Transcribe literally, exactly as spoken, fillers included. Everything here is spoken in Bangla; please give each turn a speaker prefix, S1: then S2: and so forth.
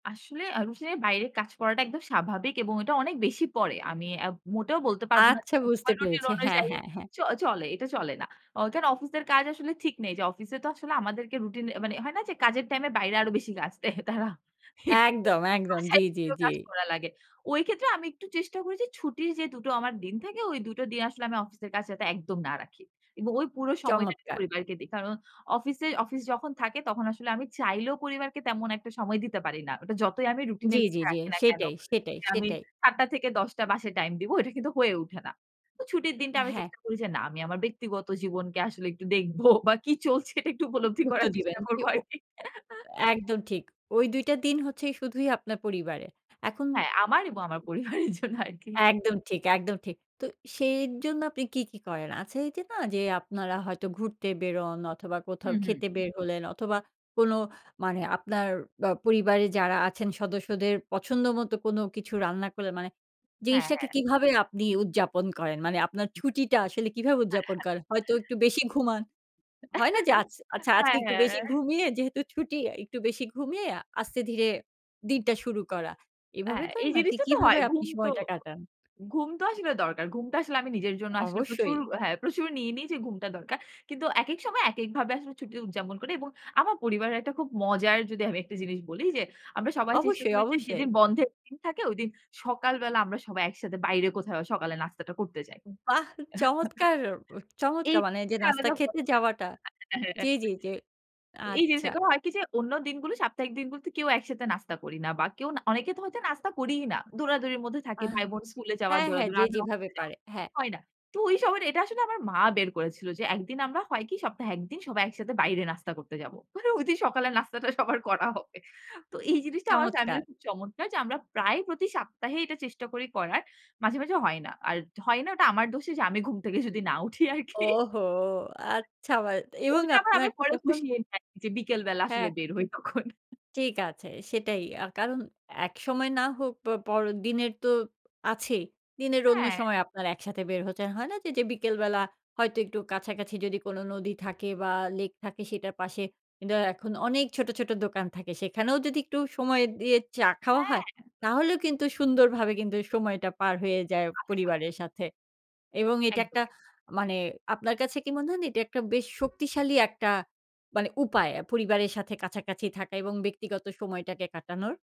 S1: আসলে আউসে বাইরে কাজ করাটা একদম স্বাভাবিক এবং ওইটা অনেক বেশি পড়ে। আমি আ মোটেও বলতে পারব না যে
S2: আচ্ছা বুঝতে
S1: সবসময় রুটিন
S2: পেরেছি। হ্যাঁ,
S1: অনুযায়ী
S2: হ্যাঁ, হ্যাঁ।
S1: চ চলে এটা চলে না। অ কেন অফিসের কাজ আসলে ঠিক নেই যে, অফিসে তো আসলে আমাদেরকে রুটিন এ মানে হয় না যে কাজের টাইমে বাইরে আরো বেশি কাজ দেয় তারা। এটাতো
S2: একদম, একদম। জি,
S1: বাসায়
S2: জি,
S1: বসেও
S2: জি।
S1: কাজ করা লাগে। ওই ক্ষেত্রে আমি একটু চেষ্টা করি ছুটির যে দু টো আমার দিন থাকে ওই দু টো দিন আসলে আমি অফিসের কাজ যাতে একদম না রাখি। এবং ওই পুরো সময়টা আমি
S2: চমৎকার!
S1: পরিবারকে দেই। কারণ অফিসে অফিস যখন থাকে তখন আসলে আমি চাইলেও পরিবারকে তেমন একটা সময় দিতে পারি না। ওটা যতই আমি রুটিন এ
S2: জি, জি,
S1: লেখা
S2: জি।
S1: রাখি না কেন।
S2: সেটাই, সেটাই,
S1: আমি
S2: সেটাই।
S1: সাত টা থেকে দশ টা বাসায় টাইম দিবো। এটা কিন্তু হয়ে ওঠে না। তো ছুটির দিনটা আমি
S2: হ্যাঁ।
S1: চেষ্টা করি যে, না আমি আমার ব্যক্তিগত জীবনকে আসলে একটু দেখব বা কি চলছে এটা একটু উপলব্ধি
S2: গুরুত্ব
S1: করার
S2: দিবেন
S1: চেষ্টা করব
S2: যে ও
S1: আরকি।
S2: একদম ঠিক। ওই দুই টা দিন হচ্ছে শুধুই আপনার পরিবারে। এখন
S1: হ্যাঁ, আমার এবং
S2: জি।
S1: আমার পরিবারের জন্য আরকি।
S2: একদম ঠিক, একদম ঠিক। তো সেই জন্য আপনি কি, কি করেন? আছে এই যে না যে, আপনারা হয়তো ঘুরতে বেরোন অথবা কোথাও
S1: হুম, হুম।
S2: খেতে বের হলেন অথবা কোন মানে আপনার আ পরিবারের যারা আছেন সদস্যদের পছন্দ মতো কোনো কিছু রান্না করলেন মানে
S1: হ্যাঁ,
S2: জিনিসটাকে
S1: হ্যাঁ।
S2: কিভাবে আপনি উদযাপন করেন? মানে আপনার ছুটিটা আসলে কিভাবে
S1: আ
S2: উদযাপন
S1: হ্যাঁ।
S2: করেন? হয়তো একটু বেশি ঘুমান। হয় না যে আচ্ছা আচ্ছা আজকে
S1: হ্যাঁ,
S2: একটু বেশি
S1: হ্যাঁ।
S2: ঘুমিয়ে যেহেতু ছুটি আ একটু বেশি, ঘুমিয়ে আস্তে ধীরে দিনটা শুরু করা। এভাবে
S1: হ্যাঁ,
S2: করেন
S1: এই
S2: নাকি
S1: জিনিসটা তো
S2: কিভাবে
S1: হয়।
S2: আপনি
S1: ঘুম তো
S2: সময়টা কাটান?
S1: ঘুম তো আসলে দরকার। ঘুমটা আসলে আমি নিজের জন্য আসলে প্রচুর
S2: অবশ্যই।
S1: হ্যাঁ, প্রচুর নিয়ে নি যে ঘুমটা দরকার। কিন্তু একেক সময় একেক ভাবে আসলে ছুটি উদযাপন করি এবং আমার পরিবারের একটা খুব মজার যদি আমি একটা জিনিস বলি যে, আমরা সবাই চেষ্টা
S2: অবশ্যই,
S1: করেছি
S2: অবশ্যই।
S1: যেদিন বন্ধের দিন থাকে ঐদিন সকালবেলা আমরা সবাই একসাথে বাইরে কোথাও সকালের নাস্তাটা করতে যাই।
S2: বাহ! চমৎকার, চমৎকার। মানে যে
S1: এইটা
S2: নাস্তা
S1: আলাদা হয়
S2: খেতে যাওয়াটা জি,
S1: হ্যাঁ।
S2: জি, জি।
S1: তো এই জিনিস
S2: আচ্ছা।
S1: [unintelligible] হয় কি যে, অন্য দিনগুলো সাপ্তাহিক দিনগুলোতে কেউ একসাথে নাস্তা করি না বা কেউ না অনেকে তো হয়তো নাস্তা করিই না। দৌড়াদৌড়ির মধ্যে থাকে
S2: আহ!
S1: ভাই বোন স্কুলে যাওয়া
S2: হ্যাঁ, হ্যাঁ।
S1: দৌড়াদৌড়ি
S2: যে
S1: আমি
S2: যেভাবে
S1: অফিসে যাব।
S2: পারে, হ্যাঁ।
S1: হয় না। তো ওই সবার এটা আসলে আমার মা বের করেছিল যে, এক দিন আমরা হয় কি সপ্তাহে এক দিন সবাই একসাথে বাইরে নাস্তা করতে যাব। মানে ঐদিন সকালের নাস্তাটা সবার করা হবে। তো এই জিনিসটা আমার
S2: চমৎকার!
S1: ফ্যামিলির খুব চমৎকার যে, আমরা প্রায় প্রতি সাপ্তাহে এটা চেষ্টা করি করার মাঝে, মাঝে হয় না। আর ড হয় না ওটা আমার দোষে যে আমি ঘুম থেকে যদি না উঠি আরকি।
S2: ওহো! আচ্ছা বাদ এবং
S1: ওইটা আবার
S2: আপনার
S1: আমি পরে
S2: যখন
S1: পুষিয়ে নিই আরকি যে, বিকেল বেলা আসলে
S2: হ্যাঁ।
S1: বের হই তখন।
S2: ঠিক আছে। সেটাই। আ কারণ একসময় না হোক প পর দিনের তো আছেই। দিনের অন্য
S1: হ্যাঁ।
S2: সময় আপনারা একসাথে বের হচ্ছেন। হয় না যে, যে বিকেলবেলা হয়তো একটু কাছাকাছি যদি কোন নদী থাকে বা লেক থাকে সেটার পাশে কিন্তু এখন অনেক ছোট, ছোট দোকান থাকে। সেখানেও যদি একটু সময় দিয়ে চা খাওয়া হয়,
S1: হ্যাঁ।
S2: তাহলেও কিন্তু সুন্দরভাবে কিন্তু সময়টা পার হয়ে যায়
S1: আ
S2: পরিবারের
S1: আসলেই।
S2: সাথে। এবং
S1: একদম,
S2: এটা একটা
S1: একদম।
S2: মানে আপনার কাছে কি মনে হয় না, এটা একটা বেশ শক্তিশালী একটা মানে উপায় আ পরিবারের সাথে কাছাকাছি থাকা এবং ব্যক্তিগত সময়টাকে কাটানোর?